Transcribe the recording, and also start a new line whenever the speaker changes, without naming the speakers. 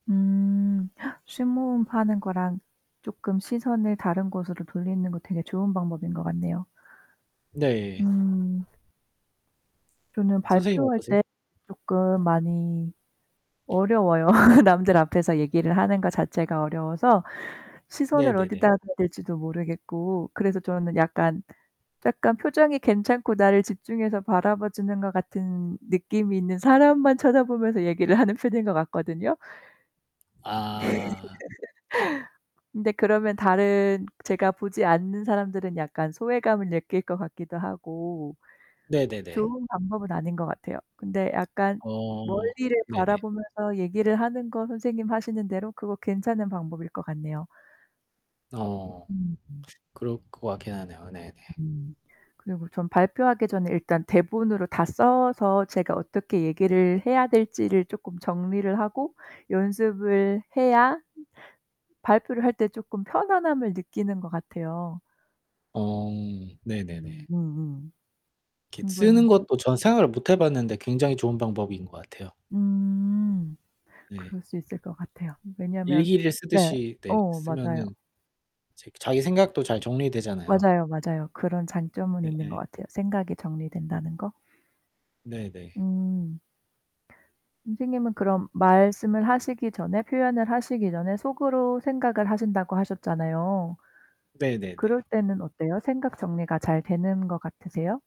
음 심호흡 하는 거랑 쪼끔 시선을 다른 곳으로 돌리는 거 되게 좋은 방법인 것 같네요.
네.
음. 저는
선생님은
발표할
어떠세요?
때 쪼끔 많이 어려워요. 남들 앞에서 얘기를 하는 것 자체가 어려워서 시선을
네네네.
어디다 둬야 될지도 모르겠고 그래서 저는 약간, 약간 표정이 괜찮고 나를 집중해서 바라봐 주는 것 같은 느낌이 있는 사람만 쳐다 보면서 얘기를 하는 편인 것 같거든요.
아.
근데 그러면 다른 제가 보지 않는 사람들은 약간 소외감을 느낄 것 같기도 하고
네네네.
좋은 방법은 아닌 것 같아요. 근데 약간
어
멀리를
네네.
바라보면서 얘기를 하는 거 선생님 하시는 대로 그거 괜찮은 방법일 것 같네요.
어.
음 음.
그럴 것 같긴 하네요. 네네.
음. 그리고 전 발표하기 전에 일단 대본으로 다 써서 제가 어떻게 얘기를 해야 될지를 쪼끔 정리를 하고 연습을 해야 발표를 할 때 쪼끔 편안함을 느끼는 것 같아요.
어. 네네네.
음 음음.
이렇게 쓰는
충분히.
것도 저는 생각을 못 해 봤는데 굉장히 좋은 방법인 것 같아요.
음.
네.
그럴 수 있을 것 같아요. 왜냐하면
일기를
네.
쓰듯이 네
어 맞아요.
쓰면은 제 자기 생각도 잘 정리되잖아요.
맞아요, 맞아요. 그런 장점은 있는 것
네예.
같아요. 생각이 정리된다는 거.
네네.
음. 선생님은 그럼 말씀을 하시기 전에 표현을 하시기 전에 속으로 생각을 하신다고 하셨잖아요.
네네네.
그럴 때는 어때요? 생각 정리가 잘 되는 것 같으세요?